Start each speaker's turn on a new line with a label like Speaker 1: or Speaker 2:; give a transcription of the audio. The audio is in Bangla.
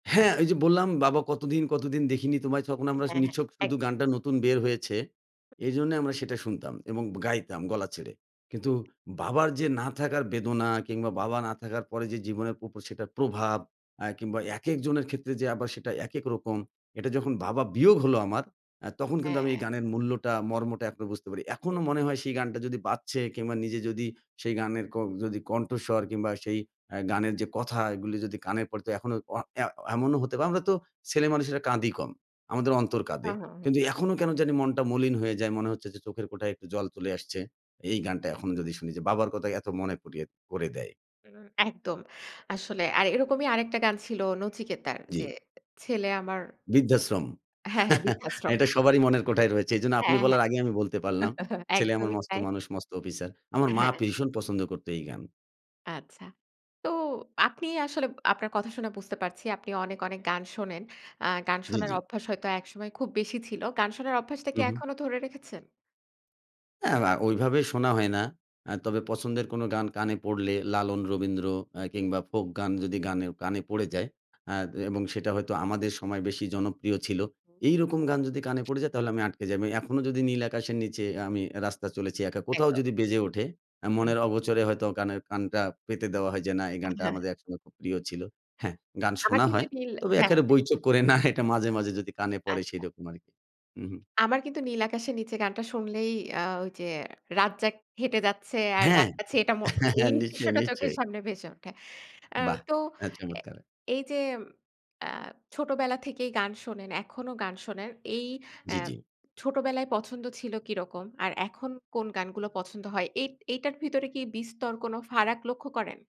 Speaker 1: হ্যাঁ, ওই যে, বললাম "বাবা কতদিন, কতদিন দেখিনি তোমায়" তখন আমরা
Speaker 2: হ্যাঁ, হ্যাঁ,
Speaker 1: নিছক শুধু
Speaker 2: একদম।
Speaker 1: গানটা নতুন বের হয়েছে। এজন্য আমরা সেটা শুনতাম এবং গাইতাম গলা ছেড়ে। কিন্তু বাবার যে, না থাকার বেদনা কিংবা বাবা না থাকার পরে যে, জীবনের উপর সেটার প্রভাব। অ্যা কিংবা একেক জনের ক্ষেত্রে যে, আবার সেটা একেক রকম এটা যখন বাবা বিয়োগ হল আমার অ্যা তখন কিন্তু আমি এই
Speaker 2: হ্যাঁ।
Speaker 1: গানের মূল্যটা মর্মটা এখনো বুঝতে পারি। এখনো মনে হয় সেই গানটা যদি বাজছে কিংবা নিজে যদি সেই গানের ক যদি কণ্ঠস্বর কিংবা সেই অ্যা গানের যে, কথা এগুলো যদি কানে পড়ে তো এখনো অ অ্যা এমনও হতে পারে। আমরা তো ছেলেমানুষেরা কাঁদি কম। আমাদের অন্তর কাঁদে।
Speaker 2: হুঁ, হুঁ, হুঁ।
Speaker 1: কিন্তু এখনো কেন জানি মনটা মলিন হয়ে যায়, মনে হচ্ছে যে, চোখের কোঠায় একটু জল চলে আসছে। এই গানটা এখনো যদি শুনি যে, বাবার কথা এত মনে করিয়ে করে দেয়।
Speaker 2: হুম, একদম। আসলে আর এরকমই আরেকটা গান ছিল নচিকেতার
Speaker 1: জ্বি।
Speaker 2: যে, ছেলে আমার
Speaker 1: বৃদ্ধাশ্রম।
Speaker 2: হ্যাঁ, হ্যাঁ, বিদ্যা আশ্রম।
Speaker 1: এটা সবারই মনের কোঠায় রয়েছে। এজন্য আপনি
Speaker 2: হ্যাঁ, হ্যাঁ।
Speaker 1: বলার আগেই আমি বলতে পারলাম। ছেলে আমার
Speaker 2: একদমই
Speaker 1: মস্ত
Speaker 2: তাই।
Speaker 1: মানুষ, মস্ত অফিসার। আমার মা
Speaker 2: হ্যাঁ।
Speaker 1: ভীষণ পছন্দ করত এই গান।
Speaker 2: আচ্ছা। তো আপনি আসলে আপনার কথা শুনে বুঝতে পারছি, আপনি অনেক, অনেক, গান শোনেন। অ্যা গান
Speaker 1: জ্বি,
Speaker 2: শোনার
Speaker 1: জ্বি।
Speaker 2: অভ্যাস হয়তো একসময় খুব বেশি ছিল। গান শোনার অভ্যাসটা
Speaker 1: উ,
Speaker 2: কি
Speaker 1: হুম।
Speaker 2: এখনো ধরে রেখেছেন?
Speaker 1: হ্যাঁ, অ্যা ওইভাবে শোনা হয় না। অ্যা তবে পছন্দের কোনো গান কানে পড়লে লালন রবীন্দ্র অ্যা কিংবা ফোক গান যদি গানে কানে পড়ে যায় অ্যা এবং সেটা হয়তো আমাদের সময় বেশি জনপ্রিয় ছিল।
Speaker 2: হুম।
Speaker 1: এইরকম গান যদি কানে পড়ে যায় তাহলে আমি আটকে যাই। এখনো যদি নীল আকাশের নিচে আমি রাস্তা চলেছি একা কোথাও
Speaker 2: একদম।
Speaker 1: যদি বেজে ওঠে
Speaker 2: উঃ হুঁ।
Speaker 1: মনের অগোচরে হয়তো গানের কানটা পেতে দেওয়া হয় যে, না এই
Speaker 2: আ
Speaker 1: গানটা
Speaker 2: হ্যাঁ।
Speaker 1: আমাদের একসময় খুব প্রিয় ছিল। হ্যাঁ, গান
Speaker 2: আমার
Speaker 1: শোনা
Speaker 2: কিন্তু
Speaker 1: হয়।
Speaker 2: মিল
Speaker 1: তবে
Speaker 2: হ্যাঁ,
Speaker 1: এক্কারে
Speaker 2: হ্যাঁ।
Speaker 1: বৈচককরে না এটা মাঝে, মাঝে, যদি কানে পড়ে
Speaker 2: আচ্ছা।
Speaker 1: সেরকম আরকি। উ, হুম।
Speaker 2: আমার কিন্তু নীল আকাশের নিচে গানটা শুনলেই অ্যা ওই যে, রাজ্জাক হেঁটে যাচ্ছে আর
Speaker 1: হ্যাঁ,
Speaker 2: গানটা ছেয়েটা মোর, এই
Speaker 1: নিশ্চয়ই,
Speaker 2: দৃশ্যটা চোখের
Speaker 1: নিশ্চয়ই।
Speaker 2: সামনে ভেসে ওঠে। অ্যা
Speaker 1: বাহ!
Speaker 2: তো
Speaker 1: হ্যাঁ,
Speaker 2: এ
Speaker 1: চমৎকার।
Speaker 2: এই যে, অ্যা ছোটবেলা থেকেই গান শোনেন, এখনো গান শোনেন। এই অ্যা
Speaker 1: জ্বি, জ্বি।
Speaker 2: ছোটবেলায় পছন্দ ছিল কিরকম আর এখন কোন গানগুলো পছন্দ হয়? এ এটার ভিতরে কি বিস্তর কোন ফারাক লক্ষ্য করেন?